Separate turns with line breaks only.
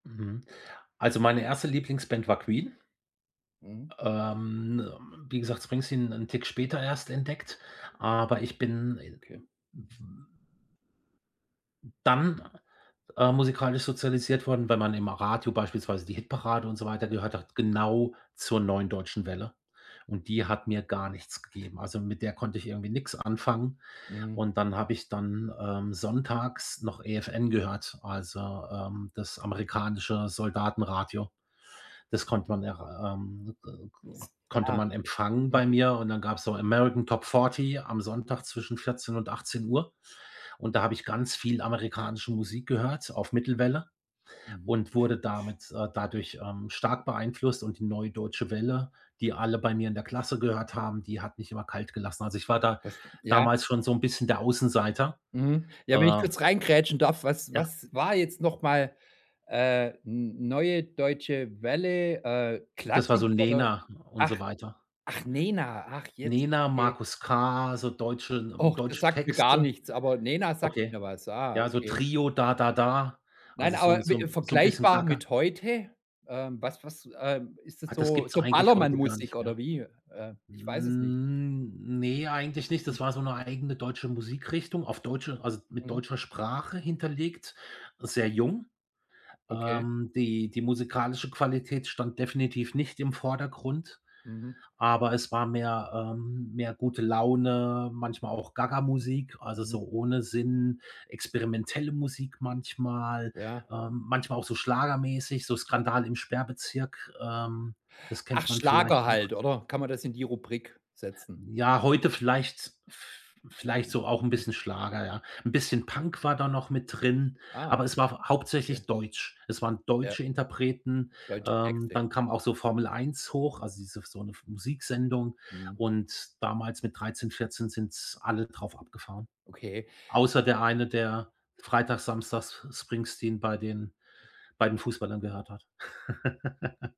Mhm, also meine 1. Lieblingsband war Queen.
Mhm.
Ähm, wie gesagt, Springsteen 'nen Tick später erst entdeckt, aber ich bin
Okay.
dann, äh, musikalisch sozialisiert worden, wenn man im Radio beispielsweise die Hitparade und so weiter gehört hat, genau zur neuen Deutschen Welle, und die hat mir gar nichts gegeben, also mit der konnte ich irgendwie nix anfangen
Mhm.
und dann habe ich dann, ähm, sonntags noch EFN gehört, also, ähm, das amerikanische Soldatenradio. Das konnte
Mhm.
man er ähm, k k
S
konnte
ja.
man empfangen bei
Mhm.
mir, und dann gab's so American Top Fourty am Sonntag, zwischen 14:00 und 18:00, und da habe ich ganz viel amerikanische Musik gehört, auf Mittelwelle
Mhm.
und wurde damit äh, dadurch, ähm, stark beeinflusst, und die neue Deutsche Welle, die alle bei mir in der Klasse gehört haben, die hat mich immer kalt gelassen. Also ich war da,
Das ja.
damals schon so 'n bisschen der Außenseiter,
Mhm. Ja, wenn ich
äh
kurz reingrätschen darf: Was
Ja.
was war jetzt noch mal, äh, n neue Deutsche Welle, äh,
Das war
Klassik
so
oder?
Nena und
Ach,
so weiter.
ach, Nena, ach jetzt,
Nena,
okay.
Markus K, so deutsche n ähm,
Och, das
deutsche
sagt mir gar
Texte.
nichts, aber Nena sagt
Okay.
mir was. Ah,
Ja, also
okay.
Trio, Da Da Da,
Nein,
also so
aber
'n so
we
'n so 'n bisschen
vergleichbar
gaga.
mit heute? Ähm, was was ähm, ist das
Ah, das
so
gibt's
so
eigentlich heute gar
Ballermann-Musik
nicht
oder
mehr.
wie? Äh, ich weiß es nicht.
Hm, ne, eigentlich nicht, das
[unintelligible]
war so 'ne eigene deutsche Musikrichtung, auf deutsche also mit
Mhm.
deutscher Sprache hinterlegt, sehr jung,
Okay.
ähm, die die musikalische Qualität stand definitiv nicht im Vordergrund,
Mhm.
aber es war mehr ähm, mehr gute Laune, manchmal auch Gagamusik, also
Mhm.
so ohne Sinn, experimentelle Musik manchmal,
Ja.
ähm, manchmal auch so schlagermäßig, so Skandal im Sperrbezirk, ähm, das
Ach,
kennt man
Schlager
vielleicht noch.
halt, oder? Kann man das in die Rubrik setzen?
Ja, heute vielleicht v vielleicht so auch 'n bisschen Schlager, ja, 'n bisschen Punk war da noch mit drin,
Ah.
aber es war hauptsächlich
Okay.
deutsch. Es waren
Ja.
deutsche Interpreten,
Deutsche
ähm,
Texte.
dann kam auch so Formel Eins hoch, also diese f so 'ne f Musiksendung
Mhm.
und damals mit 13, 14 sind alle drauf abgefahre.
Okay.
Außer der eine, der Freitag, Samstags Springsteen bei den bei den Fußballern gehört hat.